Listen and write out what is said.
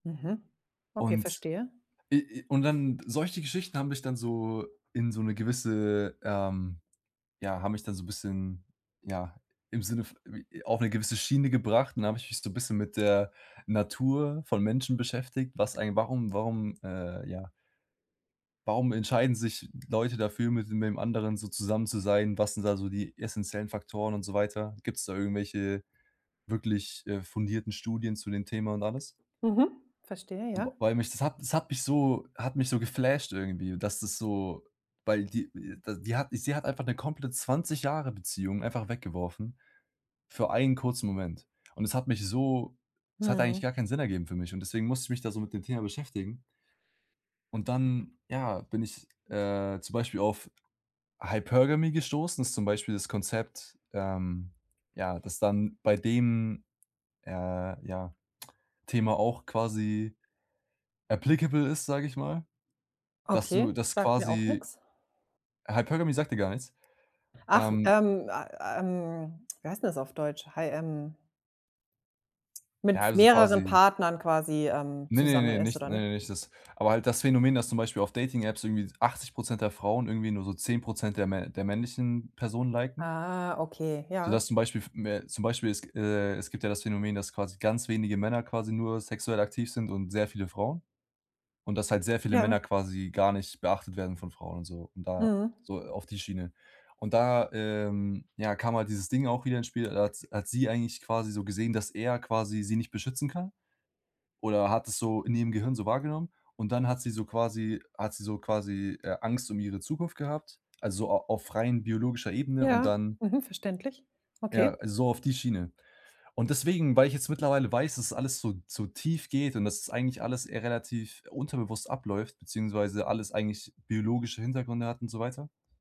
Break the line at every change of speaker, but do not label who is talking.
Mhm. Okay,
Und
verstehe.
i i und dann solche Geschichten haben mich dann so in so 'ne gewisse, ähm ja, haben mich dann so 'n bisschen, ja, im Sinne v j auf 'ne gewisse Schiene gebracht, und dann habe ich mich so 'n bisschen mit der Natur von Menschen beschäftigt, was eigen warum warum, äh, ja warum entscheiden sich Leute dafür, mit de mit dem anderen so zusammen zu sein, was sind da so die essenziellen Faktoren und so weiter? Gibt's da irgendwelche wirklich, äh, fundierten Studien zu dem Thema und alles?
Mhm. Verstehe,
Und
ja.
weil mich das hat das hat mich so hat mich so geflasht irgendwie, dass das so weil die da die hat sie hat einfach 'ne komplett 20 Jahre-Beziehung einfach weggeworfen für einen kurzen Moment. Und es hat mich so es hat eigentlich gar
Mhm.
keinen Sinn ergeben für mich, und deswegen musste ich mich da so mit dem Thema beschäftigen. Und dann, ja, bin ich, äh, zum Beispiel auf Hypergamy gestoßen, das ist zum Beispiel das Konzept, ähm, ja, das dann bei dem, äh, ja, Thema auch quasi applicable ist, sage ich mal, dass du
Okay,
dass
sagt mir auch
quasi
nix.
Hypergamy sagt dir gar nichts?
Ach,
Ähm
ähm, ah, ähm, wie heißt 'n das auf Deutsch, hai ähm
Ja,
Mit v
also
mehreren
quasi
Partnern quasi, ähm,
Ne, ne,
zusammen
ne,
ist
nicht
oder
ne,
nicht?
ne nicht das. Aber halt das Phänomen, dass zum Beispiel auf Dating-Apps irgendwie 80 % der Frauen irgendwie nur so 10 % der mä der männlichen Personen liken
Ah, okay, ja.
sodass zum Beispiel f mä zum Beispiel es g äh es gibt ja das Phänomen, dass quasi ganz wenige Männer quasi nur sexuell aktiv sind und sehr viele Frauen, und dass halt sehr viele
Ja.
Männer quasi gar nicht beachtet werden von Frauen und so und da
Mhm.
so auf die Schiene. Und da, ähm, ja, kam halt dieses Ding auch wieder ins Spiel. Da hat s hat sie eigentlich quasi so gesehen, dass er quasi sie nicht beschützen kann oder hat es so in ihrem Gehirn so wahrgenommen und dann hat sie so quasi hat sie so quasi, äh, Angst um ihre Zukunft gehabt, also a auf rein biologischer Ebene und
Ja.
dann
Mhm, verständlich.
ja,
Okay.
so auf die Schiene. Und deswegen, weil ich jetzt mittlerweile weiß, dass alles so so tief geht und dass es eigentlich alles e relativ unterbewusst abläuft beziehungsweise alles eigentlich biologische Hintergründe hat und so weiter